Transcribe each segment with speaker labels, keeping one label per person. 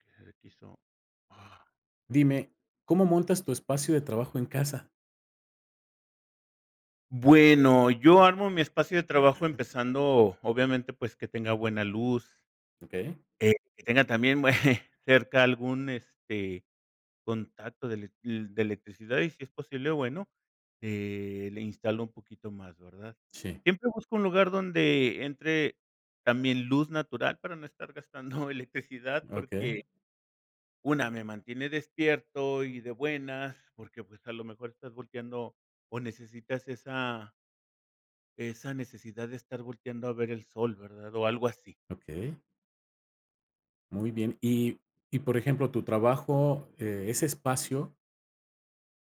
Speaker 1: [unintelligible]
Speaker 2: Dime, ¿cómo montas tu espacio de trabajo en casa?
Speaker 1: Bueno, yo armo mi espacio de trabajo empezando, obviamente, pues que tenga buena luz.
Speaker 2: Okey.
Speaker 1: Eh, que tenga también bue cerca algún, este, contacto de ele de electricidad, y si es posible, bueno, eh, le instalo un poquito más, ¿verdad?
Speaker 2: Sí.
Speaker 1: Siempre busco un lugar donde entre también luz natural, para no estar gastando electricidad
Speaker 2: Okey.
Speaker 1: porque una, me mantiene despierto y de buenas, porque pues a lo mejor estás volteando, o necesitas esa esa necesidad de estar volteando a ver el sol, ¿verdad? O algo así.
Speaker 2: Okey. Muy bien. Y y por ejemplo, tu trabajo, eh, ese espacio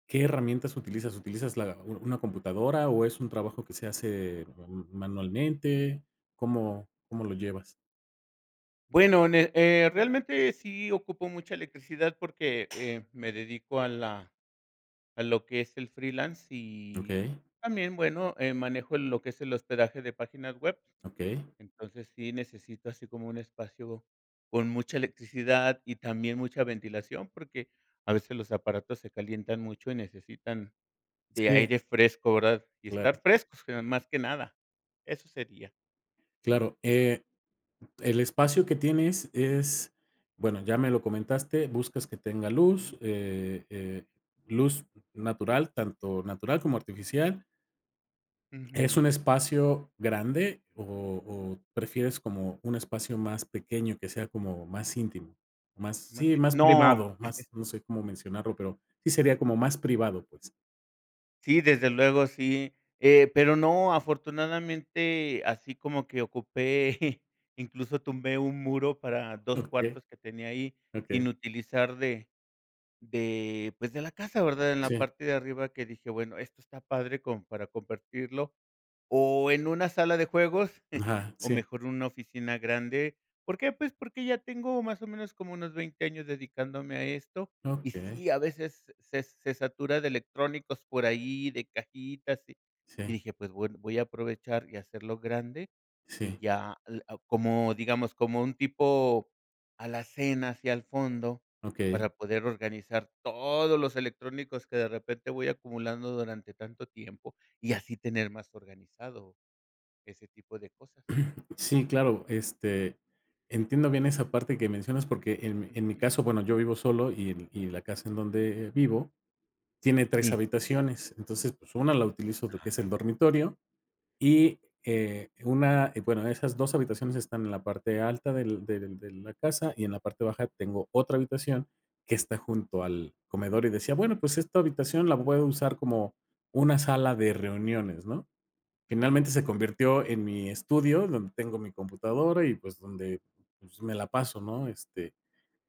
Speaker 2: ¿qué herramientas utilizas?, ¿utilizas, la una computadora, o es un trabajo que se hace ma manualmente? ¿Cómo cómo lo llevas?
Speaker 1: Bueno, ne eh, realmente sí ocupo mucha electricidad, porque eh, me dedico a la a lo que es el freelance y
Speaker 2: Okey.
Speaker 1: también, bueno, eh, manejo lo que es el hospedaje de páginas web.
Speaker 2: Okey.
Speaker 1: Entonces sí necesito así como, un espacio con mucha electricidad y también mucha ventilación, porque a veces los aparatos se calientan mucho y necesitan de
Speaker 2: Sí.
Speaker 1: aire fresco, ¿verdad? y
Speaker 2: Claro.
Speaker 1: estar frescos, que, más que nada. Eso sería.
Speaker 2: Claro. Eh, el espacio que tienes es bueno, ya me lo comentaste, buscas que tenga luz, eh eh, luz natural, tanto natural como artificial. ¿Es un
Speaker 1: Ujú.
Speaker 2: espacio grande o o prefieres como un espacio más pequeño que sea como más íntimo, más,
Speaker 1: Más
Speaker 2: sí,
Speaker 1: tiem
Speaker 2: más
Speaker 1: no.
Speaker 2: privado, más no sé cómo mencionarlo, pero sí sería como más privado, pues?
Speaker 1: Sí, desde luego, sí. Eh, pero no, afortunadamente, así como que ocupé, incluso tumbé 1 muro para 2
Speaker 2: Okey.
Speaker 1: cuartos que tenía ahí
Speaker 2: Okey.
Speaker 1: sin utilizar de de, pues, de la casa, ¿verdad?, en la
Speaker 2: Sí.
Speaker 1: parte de arriba que dije: "Bueno, esto está padre como para compartirlo, o en una sala de juegos
Speaker 2: Ajá,
Speaker 1: o,
Speaker 2: sí.
Speaker 1: mejor, en una oficina grande". ¿Por qué? Pues, porque ya tengo más o menos como unos 20 años dedicándome a esto, y
Speaker 2: Okey.
Speaker 1: sí, a veces se se se satura de electrónicos por ahí, de cajitas, y y
Speaker 2: Sí.
Speaker 1: dije: "Pues, bueno, voy a aprovechar y hacerlo grande y
Speaker 2: Sí.
Speaker 1: ya". Eh, ah, como, digamos, como un tipo alacena, así, al fondo,
Speaker 2: Okey.
Speaker 1: para poder organizar todos los electrónicos que, de repente, voy acumulando durante tanto tiempo y así tener más organizado ese tipo de cosas.
Speaker 2: Sí, claro. Este, entiendo bien esa parte que mencionas porque, en mi en mi
Speaker 1: Ujú.
Speaker 2: caso, bueno, yo vivo solo y y la casa en donde vivo tiene 3
Speaker 1: Sí.
Speaker 2: habitaciones. Entonces, pues, una la utilizo, lo que es el
Speaker 1: Ah.
Speaker 2: dormitorio, y, eh, una bueno, esas 2 habitaciones están en la parte alta del del de la casa y en la parte baja tengo otra habitación que está junto al comedor y decía: "Bueno, pues, esta habitación la puedo usar como una sala de
Speaker 1: [unintelligible]
Speaker 2: reuniones", ¿no?
Speaker 1: Ah,
Speaker 2: Finalmente, se
Speaker 1: okey.
Speaker 2: convirtió en mi estudio, donde tengo mi computadora y, pues, donde me la paso, ¿no?, este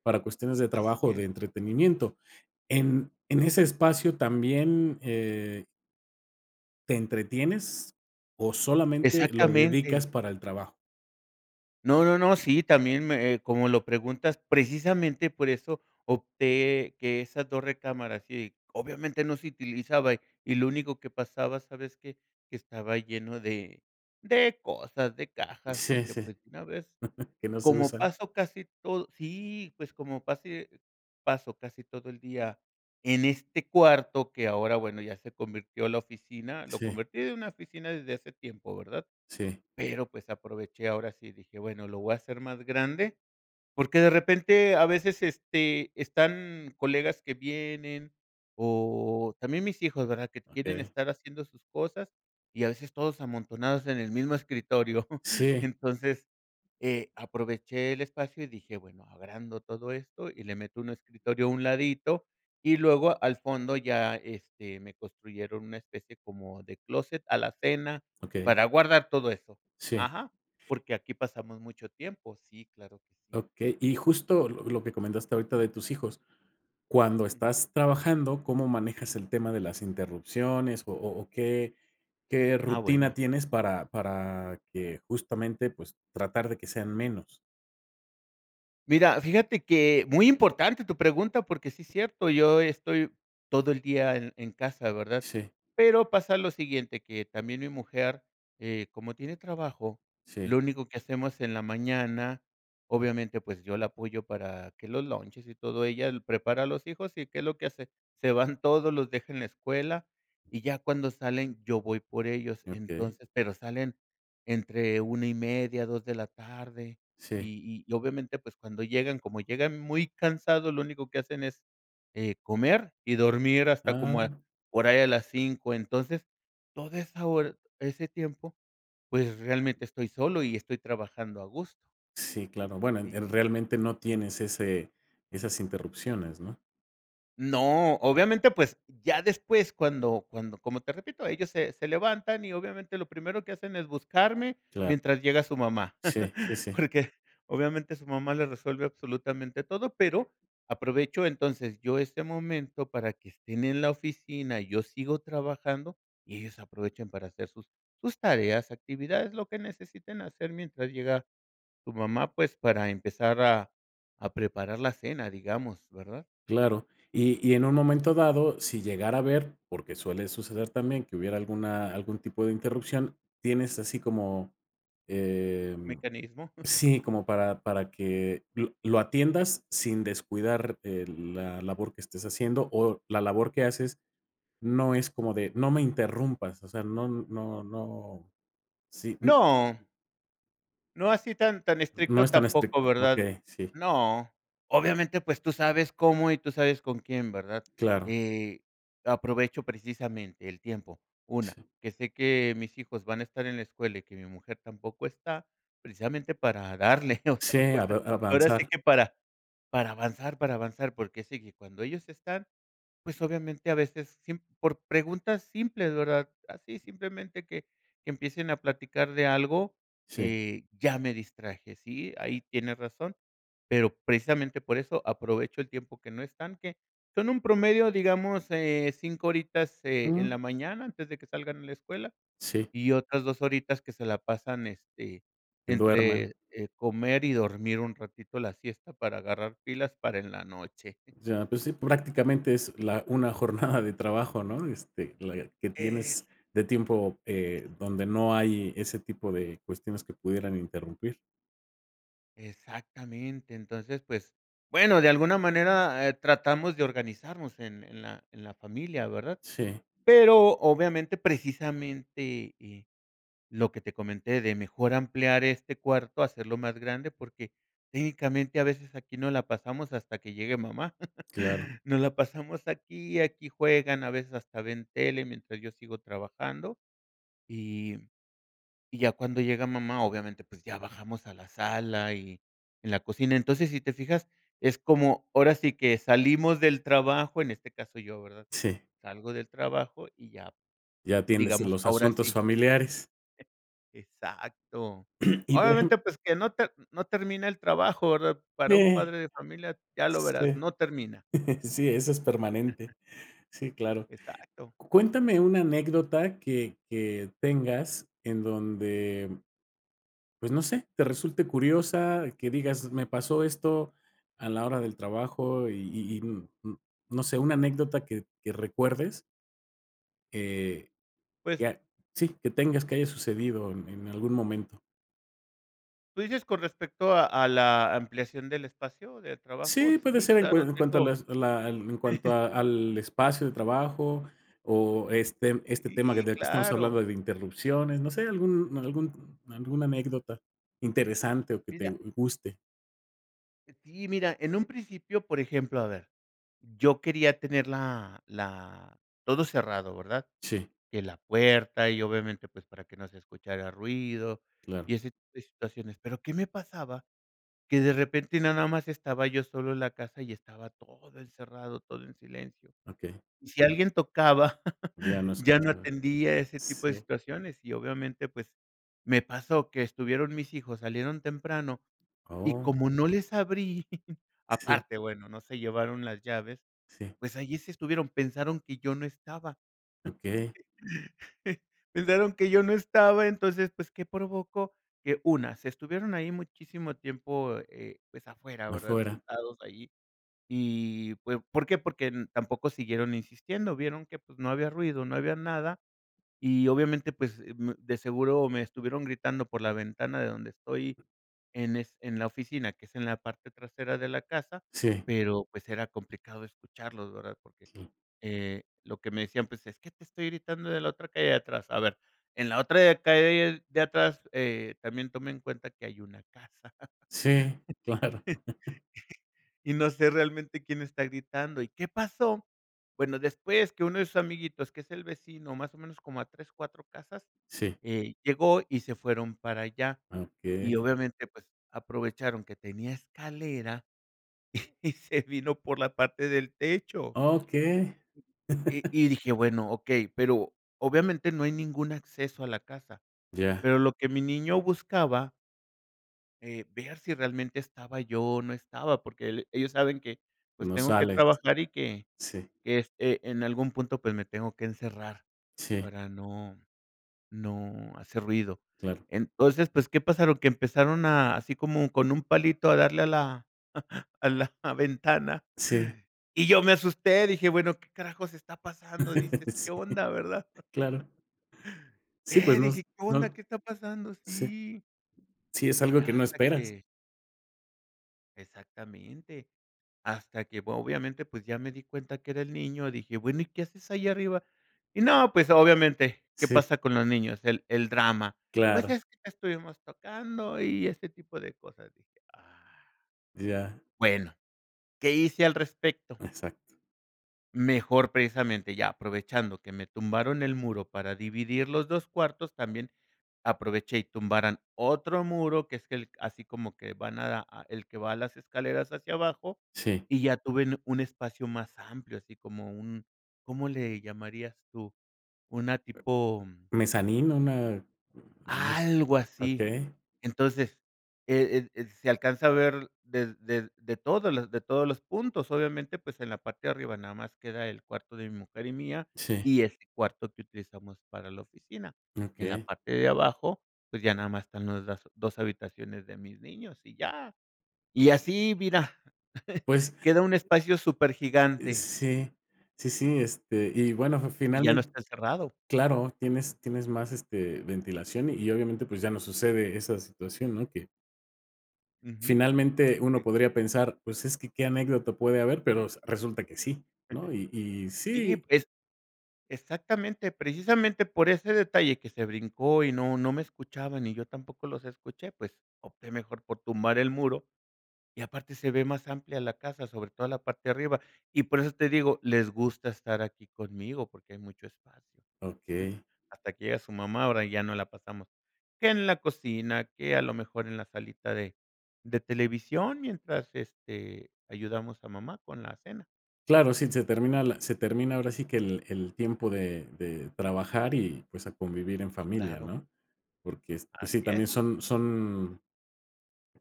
Speaker 2: para cuestiones de
Speaker 1: Así
Speaker 2: trabajo o de
Speaker 1: es.
Speaker 2: entretenimiento en en ese espacio también, eh ¿Te entretienes, o solamente lo
Speaker 1: Exactamente.
Speaker 2: dedicas para el trabajo?
Speaker 1: No, no, no. Sí, también me, eh, como lo preguntas, precisamente, por eso opté que esas dos recámaras y, obviamente, no se utilizaba, y lo único que pasaba, ¿sabes qué? Que estaba lleno de de cosas, de cajas,
Speaker 2: Sí,
Speaker 1: dije:
Speaker 2: sí.
Speaker 1: "Pues, de una vez".
Speaker 2: Que no se
Speaker 1: Como
Speaker 2: usan.
Speaker 1: paso casi todo Sí, pues, como pasé paso casi todo el día en este cuarto que, ahora, bueno, ya se convirtió en la oficina, lo
Speaker 2: Sí.
Speaker 1: convertí en una oficina desde hace tiempo, ¿verdad?
Speaker 2: Sí.
Speaker 1: Pero pues, aproveché, ahora sí dije: "Bueno, lo voy a hacer más grande", porque, de repente, a veces, este, están colegas que vienen o también mis hijos, ¿verdad?, que quieren
Speaker 2: Okey.
Speaker 1: estar haciendo sus cosas y, a veces, todos amontonados en el mismo escritorio.
Speaker 2: Sí.
Speaker 1: Entonces, eh, aproveché el espacio y dije: "Bueno, agrando todo esto y le meto un escritorio a un ladito". Y luego, al fondo, ya, este, me construyeron una especie como de closet, alacena,
Speaker 2: Okey.
Speaker 1: para guardar todo eso
Speaker 2: Sí.
Speaker 1: Ajá, porque aquí pasamos mucho tiempo. Sí, claro que sí.
Speaker 2: Okey. Y, justo, lo lo que comentaste ahorita de tus hijos, cuando
Speaker 1: Ujú.
Speaker 2: estás trabajando, ¿cómo manejas el tema de las interrupciones, o o o qué qué
Speaker 1: Ah,
Speaker 2: rutina
Speaker 1: bueno.
Speaker 2: tienes para para que, justamente, pues, tratar de que sean menos?
Speaker 1: Mira, fíjate que muy importante tu pregunta porque sí cierto. Yo estoy todo el día en casa, ¿verdad?
Speaker 2: Sí.
Speaker 1: Pero pasa lo siguiente, que también mi mujer, eh, como tiene trabajo,
Speaker 2: Sí.
Speaker 1: lo único que hacemos en la mañana obviamente, pues yo la apoyo para que los lunches y todo, ella prepara a los hijos, y, ¿qué es lo que hace? Se van todos, los deja en la escuela, y ya cuando salen, yo voy por ellos
Speaker 2: Okey.
Speaker 1: entonces, pero salen entre 1:30, 2:00 de la tarde
Speaker 2: Sí.
Speaker 1: y y obviamente, pues cuando llegan como llegan muy cansados, lo único que hacen es, eh, comer y dormir hasta como a,
Speaker 2: Ah.
Speaker 1: por ahí a las 5:00 entonces toda esa hora ese tiempo, pues realmente estoy solo y estoy trabajando agusto
Speaker 2: Sí, claro. Bueno, en
Speaker 1: Sí, sí,
Speaker 2: realmente no
Speaker 1: sí.
Speaker 2: tienes ese esas interrupciones, ¿no?
Speaker 1: No, obviamente, pues ya después, cuando cuando como te repito, ellos se se levantan y obviamente lo primero que hacen es buscarme
Speaker 2: Claro.
Speaker 1: mientras llega su mamá
Speaker 2: Sí, sí, sí.
Speaker 1: porque obviamente su mamá les resuelve absolutamente todo. Pero, aprovecho entonces yo este momento para que estén en la oficina y yo sigo trabajando y ellos aprovechan para hacer sus sus tareas, actividades, lo que necesiten hacer mientras llega su mamá, pues para empezar a a preparar la cena, digamos, ¿verdad?
Speaker 2: Claro, y y en un momento dado, si llegara a ver porque suele suceder también que hubiera alguna algún tipo de interrupción. Tienes así como eh
Speaker 1: Mecanismo.
Speaker 2: sí, como para para que lo atiendas sin descuidar, eh, la labor que estés haciendo o la labor que haces no es como de no me interrumpas. O sea, no no no sí, mm
Speaker 1: No. No así, tan tan
Speaker 2: No
Speaker 1: estricto
Speaker 2: es tan
Speaker 1: tampoco,
Speaker 2: estricto.
Speaker 1: ¿verdad?
Speaker 2: Okey, sí.
Speaker 1: No. Obviamente, pues tú sabes cómo, y tú sabes con quién, ¿verdad?
Speaker 2: Claro.
Speaker 1: Eh, aprovecho precisamente, el tiempo. 1
Speaker 2: Sí.
Speaker 1: que sé que mis hijos van a estar en la escuela, y que mi mujer tampoco está, precisamente, para darle
Speaker 2: Sí, av
Speaker 1: [unintelligible] Ahora sí,
Speaker 2: avanzar.
Speaker 1: que para para avanzar, para avanzar. Porque sé que cuando ellos están, pues, obviamente, a veces, siem por preguntas simples, ¿verdad? Así, simplemente, que que empiecen a platicar de algo,
Speaker 2: Sí.
Speaker 1: eh, ya me distraje, ¿sí? Ahí tienes razón. Pero, precisamente, por eso aprovecho el tiempo que no están, que Son un promedio, digamos, eh, 5 horitas, eh, en
Speaker 2: Mm.
Speaker 1: la mañana, antes de que salgan a la escuela.
Speaker 2: Sí.
Speaker 1: Y otras 2 horitas, que se la pasan este,
Speaker 2: Que duerman.
Speaker 1: entre, eh, comer, y dormir un ratito la siesta, para agarrar pilas, para en la noche.
Speaker 2: Ya, pues sí. Prácticamente es la una jornada de trabajo, ¿no? Este, la que tienes,
Speaker 1: Es.
Speaker 2: de tiempo, eh, donde no hay ese tipo de cuestiones, que pudieran interrumpir.
Speaker 1: Exactamente. Entonces, pues, bueno, de alguna manera, eh, tratamos de organizarnos en en la en la familia, ¿verdad?
Speaker 2: Sí.
Speaker 1: Pero, obviamente, precisamente, eh, lo que te comenté de mejor ampliar este cuarto, hacerlo más grande, porque técnicamente a veces aquí nos la pasamos hasta que llegue mamá,
Speaker 2: Claro.
Speaker 1: nos la pasamos aquí, aquí juegan, a veces, hasta ven tele mientras yo sigo trabajando, y y ya cuando llega mamá, obviamente, pues ya bajamos a la sala y en la cocina. Entonces, si te fijas, es como, ahora sí que salimos del trabajo, en este caso yo, ¿verdad?,
Speaker 2: Sí.
Speaker 1: salgo del trabajo y ya
Speaker 2: Y atiendes en
Speaker 1: digamos
Speaker 2: los
Speaker 1: ahora
Speaker 2: asuntos
Speaker 1: sí
Speaker 2: familiares.
Speaker 1: Exacto.
Speaker 2: Y, por ejem.
Speaker 1: Obviamente, pues que no te no termina el trabajo, ¿verdad?, para un
Speaker 2: Eh,
Speaker 1: padre de familia, ya lo verás,
Speaker 2: sí,
Speaker 1: no termina.
Speaker 2: sí, eso es permanente. Sí, claro.
Speaker 1: Exacto.
Speaker 2: Cuéntame una anécdota que que tengas, en donde pues no sé, te resulte curiosa, que digas: "Me pasó esto a la hora del trabajo", y y y n n no sé, una anécdota que que recuerdes. Eh,
Speaker 1: Pues.
Speaker 2: ya, sí, que
Speaker 1: Eh.
Speaker 2: tengas que haya sucedido en en algún momento.
Speaker 1: Tú dices con respecto a a la ampliación del espacio de trabajo.
Speaker 2: Sí, puede
Speaker 1: Sí,
Speaker 2: ser en cua
Speaker 1: claro,
Speaker 2: en cuanto a
Speaker 1: tengo.
Speaker 2: las a la en cuanto a al espacio de trabajo, o este este tema del
Speaker 1: Sí,
Speaker 2: que estamos
Speaker 1: claro.
Speaker 2: hablando de interrupciones. No sé algún algún alguna anécdota, interesante o que te
Speaker 1: Mira.
Speaker 2: guste.
Speaker 1: Sí, mira, en un principio, por ejemplo, a ver, yo quería tener la la todo cerrado, ¿verdad?
Speaker 2: Sí.
Speaker 1: Que la puerta y obviamente, pues para que no se escuchara ruido
Speaker 2: Claro.
Speaker 1: y ese tipo de situaciones. Pero, ¿qué me pasaba? Que de repente nada más estaba yo solo en la casa, y estaba todo encerrado, todo en silencio.
Speaker 2: Okey.
Speaker 1: Y si alguien tocaba,
Speaker 2: Ya no
Speaker 1: ya no
Speaker 2: escuchaba,
Speaker 1: atendía ese tipo de
Speaker 2: sí.
Speaker 1: situaciones y obviamente, pues, me pasó que estuvieron mis hijos, salieron temprano, y
Speaker 2: Oh.
Speaker 1: como no les abrí,
Speaker 2: Sí.
Speaker 1: aparte, bueno, no se llevaron las llaves,
Speaker 2: Sí.
Speaker 1: pues allí se estuvieron, pensaron que yo no estaba.
Speaker 2: Okey.
Speaker 1: Pensaron que yo no estaba, entonces, pues, ¿qué provocó? Que una, se estuvieron ahí muchísimo tiempo, eh eh, pues afuera, ¿verdad?
Speaker 2: Afuera.
Speaker 1: Sentados allí. Y fue, ¿por qué? Porque tampoco siguieron insistiendo, vieron que pues no había ruido, no había nada, y obviamente, pues, mm, de seguro me estuvieron gritando por la ventana de donde estoy, en es en la oficina, que es en la parte trasera de la casa,
Speaker 2: Sí.
Speaker 1: pero pues era complicado escucharlos, ¿verdad? Porque
Speaker 2: Sí.
Speaker 1: eh, lo que me decían, pues: "Es que te estoy gritando de la otra calle de atrás". A ver, en la otra calle de atrás, eh también toma en cuenta que hay una casa,
Speaker 2: Sí, claro.
Speaker 1: y no sé, realmente quién está gritando: "Y, ¿qué pasó?" Bueno, después que uno de sus amiguitos, que es el vecino más o menos como a 3 4 casas,
Speaker 2: Sí.
Speaker 1: eh, llegó y se fueron para allá,
Speaker 2: Ah,
Speaker 1: y
Speaker 2: okey.
Speaker 1: obviamente, pues aprovecharon que tenía escalera, y se vino por la parte del techo.
Speaker 2: Okey.
Speaker 1: Y y dije: "Bueno, okey". Pero obviamente, no hay ningún acceso a la casa,
Speaker 2: Ya.
Speaker 1: pero lo que mi niño buscaba. Eh, ver si realmente estaba yo o no estaba, porque el ellos saben que, pues,
Speaker 2: No
Speaker 1: tengo que
Speaker 2: sales.
Speaker 1: trabajar y que
Speaker 2: Sí.
Speaker 1: que este, en algún punto, pues, me tengo que encerrar
Speaker 2: Sí.
Speaker 1: para no no hacer ruido.
Speaker 2: Claro.
Speaker 1: Entonces, pues, ¿qué pasaron? Que empezaron así como con un palito a darle a la a la ventana.
Speaker 2: Sí.
Speaker 1: Y yo me asusté, dije: "Bueno, ¿qué carajo está pasando?". Dices: "¿Qué
Speaker 2: Sí,
Speaker 1: onda?", ¿verdad?
Speaker 2: claro. Sí, pues
Speaker 1: Eh,
Speaker 2: nos
Speaker 1: dije: "¿Qué onda?
Speaker 2: no.
Speaker 1: ¿Qué está pasando?".
Speaker 2: Sí.
Speaker 1: Sí.
Speaker 2: Sí, es algo
Speaker 1: Ya
Speaker 2: que no
Speaker 1: hasta
Speaker 2: esperas.
Speaker 1: que exactamente. Hasta que, obviamente, pues ya me di cuenta que era el niño. Dije: "Bueno, ¿y qué haces ahí arriba?" Y no, pues obviamente, ¿qué
Speaker 2: Sí.
Speaker 1: pasa con los niños? El el drama. Pues
Speaker 2: Claro.
Speaker 1: es que estuvimos tocando y este tipo de cosas, dije: "Ah".
Speaker 2: Ya.
Speaker 1: Bueno, ¿qué hice al respecto?
Speaker 2: Exacto.
Speaker 1: Mejor precisamente, ya aprovechando que me tumbaron el muro para dividir los 2 cuartos, también aproveché y tumbaron otro muro, que es que así como que van a el que va a las escaleras hacia abajo
Speaker 2: Sí.
Speaker 1: y ya tuve un espacio más amplio, así como un ¿cómo le llamarías tú?, una tipo
Speaker 2: Mezzanino, una nos
Speaker 1: algo así.
Speaker 2: okey.
Speaker 1: Entonces, el ed ed se alcanza a ver de de de todos de todos los puntos. Obviamente, pues en la parte de arriba nada más queda el cuarto de mi mujer y mía
Speaker 2: Sí.
Speaker 1: y ese cuarto que utilizamos para la oficina. En la
Speaker 2: Okey.
Speaker 1: parte de abajo, pues ya nada más están las dos habitaciones de mis niños y ya, y así, mira,
Speaker 2: Pues
Speaker 1: queda un espacio
Speaker 2: eh,
Speaker 1: supergigante.
Speaker 2: sí, sí, sí, este, y bueno,
Speaker 1: Y ya no
Speaker 2: finalmen
Speaker 1: está encerrado.
Speaker 2: claro, tienes tienes más, este, ventilación y, obviamente, pues ya no sucede esa situación, ¿no? Que.
Speaker 1: Ujú,
Speaker 2: Finalmente, uno
Speaker 1: sí.
Speaker 2: podría pensar, ¿pues, es que qué anécdota puede haber?, pero s resulta que sí, no y y
Speaker 1: Sí,
Speaker 2: sí
Speaker 1: pues, exactamente, precisamente por ese detalle que se brincó y no no me escuchaban y yo tampoco los escuché, pues, opté mejor por tumbar el muro, y aparte se ve más amplia la casa, sobre toda la parte de arriba. Y por eso te digo, les gusta estar aquí conmigo porque hay mucho espacio,
Speaker 2: Okey.
Speaker 1: hasta que llega su mamá, ahora ya nos la pasamos que en la cocina, que a lo mejor en la salita de de televisión mientras, este, ayudamos a mamá con la cena.
Speaker 2: Claro, sí, se termina la se termina ahora sí que el el tiempo de de trabajar, y pues, a convivir en
Speaker 1: Sí,
Speaker 2: familia,
Speaker 1: claro.
Speaker 2: ¿no?, porque es sí,
Speaker 1: Así
Speaker 2: también
Speaker 1: es.
Speaker 2: son son,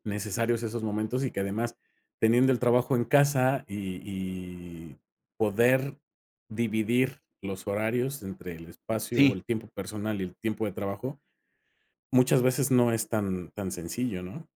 Speaker 2: necesarios esos momentos y que además, teniendo el trabajo en casa y y poder dividir los horarios entre el espacio,
Speaker 1: Sí.
Speaker 2: el tiempo personal y el tiempo de trabajo, muchas veces no es tan tan sencillo, ¿no?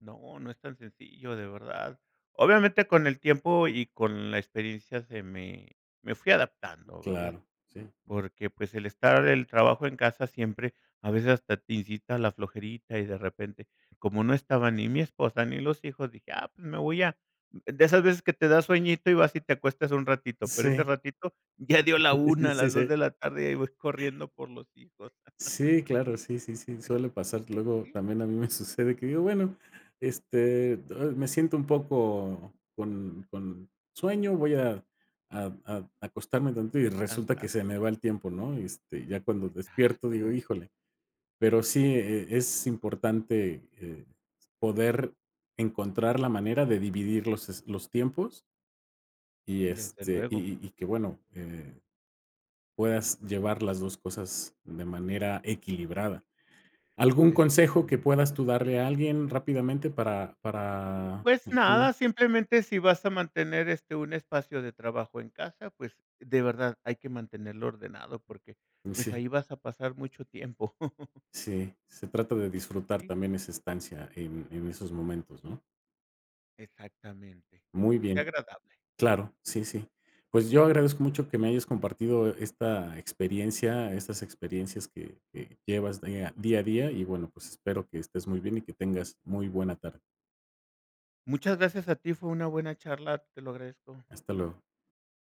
Speaker 1: No, no es tan sencillo, de verdad. Obviamente, con el tiempo y con la experiencia, se me me fui adaptando, ¿verdad?,
Speaker 2: Claro, sí.
Speaker 1: porque, pues, el estar el trabajo en casa siempre a veces, hasta te incita la flojerita y, de repente, como no estaba ni mi esposa ni los hijos, dije: "Ah, pues, me voy a", de esas veces que te da sueñito y vas, y te acuestas un ratito, pero ese
Speaker 2: Sí.
Speaker 1: ratito ya dio la 1
Speaker 2: Sí,
Speaker 1: las 2
Speaker 2: sí.
Speaker 1: de la tarde y ahí voy corriendo por los hijos.
Speaker 2: Sí, claro. Sí, sí, sí, suele pasar. Luego
Speaker 1: Sí.
Speaker 2: también a mí me sucede, que digo: "Bueno, este do me siento un poco con con sueño, voy a a a acostarme tantito". Y resulta que
Speaker 1: Descansar.
Speaker 2: se me va el tiempo, ¿no?, este, ya cuando despierto, digo:
Speaker 1: Exacto.
Speaker 2: "Híjole". Pero sí, eh, eh, es importante, eh, poder encontrar la manera de dividir los es los tiempos. Y,
Speaker 1: Desde
Speaker 2: este, y
Speaker 1: luego.
Speaker 2: y y que, bueno, eh, puedas llevar las 2 cosas de manera equilibrada, ¿algún consejo que
Speaker 1: Exactamente.
Speaker 2: puedas tú darle a alguien, rápidamente, para para?
Speaker 1: Pues,
Speaker 2: [unintelligible]
Speaker 1: nada, simplemente, si vas a mantener, este, un espacio de trabajo en casa, pues, de verdad, hay que mantenerlo ordenado porque,
Speaker 2: Mm,
Speaker 1: pues,
Speaker 2: sí.
Speaker 1: ahí vas a pasar mucho tiempo.
Speaker 2: Sí, se trata de disfrutar
Speaker 1: Sí.
Speaker 2: también esa estancia, en en esos momentos, ¿no?
Speaker 1: Exactamente,
Speaker 2: Muy
Speaker 1: que sea
Speaker 2: bien.
Speaker 1: agradable.
Speaker 2: Claro. Sí, sí. Pues, yo agradezco mucho que me hayas compartido esta experiencia, estas experiencias que que llevas dea día a día. Y, bueno, pues, espero que estés muy bien y que tengas muy buena tarde.
Speaker 1: Muchas gracias a ti, fue una buena charla. Te lo agradezco.
Speaker 2: Hasta luego.